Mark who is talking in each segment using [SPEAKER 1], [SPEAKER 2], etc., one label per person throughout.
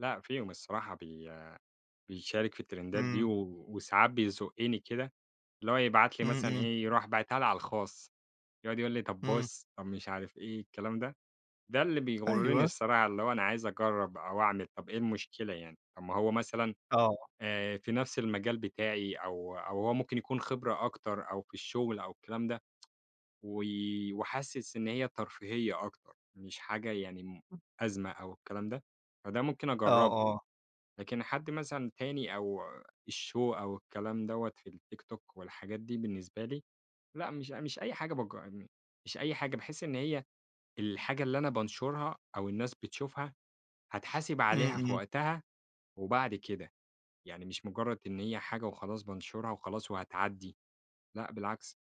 [SPEAKER 1] لأ، فيهم الصراحة بي بيشارك في الترندات دي،
[SPEAKER 2] امم.
[SPEAKER 1] و وساعات بيزقني كده، اللي هو يبعت لي
[SPEAKER 2] امم،
[SPEAKER 1] مثلًا
[SPEAKER 2] امم.
[SPEAKER 1] إيه؟ يروح باعتها لي على الخاص. يقعد يقول لي طب
[SPEAKER 2] امم.
[SPEAKER 1] بُص، طب مش عارف إيه؟ الكلام ده، ده اللي بيغرني
[SPEAKER 2] أيوه.
[SPEAKER 1] الصراحة اللي هو أنا عايز أجرّب أو أعمل، طب إيه المشكلة يعني؟ طب ما هو مثلًا،
[SPEAKER 2] آه.
[SPEAKER 1] آآ في نفس المجال بتاعي أو، أو هو ممكن يكون خبرة أكتر، أو في الشغل أو الكلام ده. و وحاسس إن هي ترفيهية أكتر، مش حاجة يعني م أزمة أو الكلام ده، فده ممكن
[SPEAKER 2] آه،
[SPEAKER 1] أجرّبها،
[SPEAKER 2] آه.
[SPEAKER 1] لكن حد مثلًا تاني أو الshow أو الكلام دَوَّة في الtiktok والحاجات دي بالنسبة لي لأ، مش أ مش أي حاجة باج مش أي حاجة باحس إن هي الحاجة اللي أنا بانشرها، أو الناس بتشوفها هاتحاسب
[SPEAKER 2] امم،
[SPEAKER 1] عليها في
[SPEAKER 2] امم.
[SPEAKER 1] وقتها وبعد كده. يعني مش مجرد إن هي حاجة وخلاص بانشرها وخلاص وهتعدي. لأ بالعكس.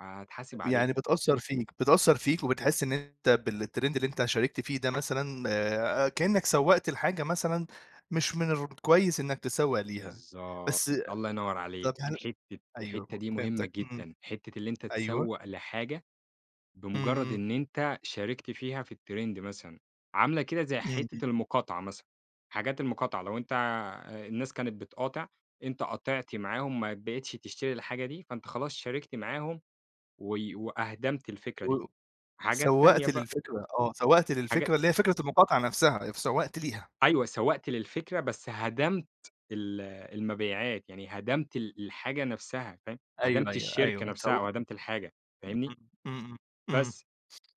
[SPEAKER 1] هَاتحاسب عليها.
[SPEAKER 2] يعني بتأثر فيك، بتأثر فيك وبتحس إن أنتً بالtrend اللي أنتَ شاركت فيه ده مثلًا، آآ كأنَّك سَوَّقت لحاجة مثلًا مش من الر كويس إنَّك تسَوَّق ليها،
[SPEAKER 1] بالضبط،
[SPEAKER 2] بس
[SPEAKER 1] الله ينور عليك.
[SPEAKER 2] طب هل
[SPEAKER 1] حتّة الحتّة
[SPEAKER 2] أيوه
[SPEAKER 1] دي مهمة
[SPEAKER 2] فهمتك، امم.
[SPEAKER 1] جدًا، حتّة اللي أنتَ
[SPEAKER 2] أيوه.
[SPEAKER 1] تسوّق لحاجة
[SPEAKER 2] امم،
[SPEAKER 1] بمجرد
[SPEAKER 2] امم.
[SPEAKER 1] إن أنتَ شاركت فيها في الtrend مثلًا، عاملة كده زي
[SPEAKER 2] امم، امم.
[SPEAKER 1] حتّة المقاطعة مثلًا. حاجات المقاطعة لو أنتَ الناس كانت بتقاطع، أنتَ قاطعت معاهم، ما بقيتش تشتري الحاجة دي، فأنتَ خلاص شاركت معاهم، و و أهدَمت الفكرة دي،
[SPEAKER 2] و
[SPEAKER 1] حاجات تانية
[SPEAKER 2] سَوَّقت
[SPEAKER 1] بقى
[SPEAKER 2] للفكرة آه، سَوَّقت
[SPEAKER 1] حاجا
[SPEAKER 2] للفكرة، اللي هي فكرة المقاطعة نفسها، فسَوَّقت ليها.
[SPEAKER 1] أيوة سوَّقت للفكرة، بس هَدمت ال المبيعات، يعني هدمت ال الحاجة نفسها، فاهم؟
[SPEAKER 2] أيوه،
[SPEAKER 1] هدَمت
[SPEAKER 2] أيوه،
[SPEAKER 1] الشركة
[SPEAKER 2] أيوه
[SPEAKER 1] نفسها،
[SPEAKER 2] سو
[SPEAKER 1] أو هَدَمت الحاجة، فاهمني؟
[SPEAKER 2] [unintelligible] امم، امم، امم
[SPEAKER 1] بس،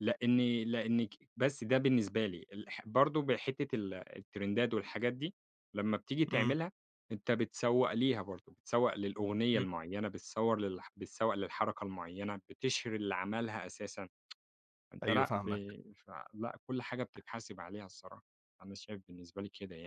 [SPEAKER 1] لأني لأنك بس ده بالنسبة لي، الح برضو بحتّة ال التِرِندات والحاجات دي، لمّا بتيجي
[SPEAKER 2] امم.
[SPEAKER 1] تعملها أنتَ بتسَوَّق ليها برضو، بتسوق للأغنية
[SPEAKER 2] امم.
[SPEAKER 1] المعينة بتصوّر للح بتسوَّق للحركة المعينة، بتشهِر اللي عملها أساسًا أنتَ
[SPEAKER 2] أيوه
[SPEAKER 1] لأ ب
[SPEAKER 2] فاهمك.
[SPEAKER 1] مش ع لأ، كل حاجة بتتحاسب عليها الصراحة، أنا شايف بالنسبة لي كده يعني.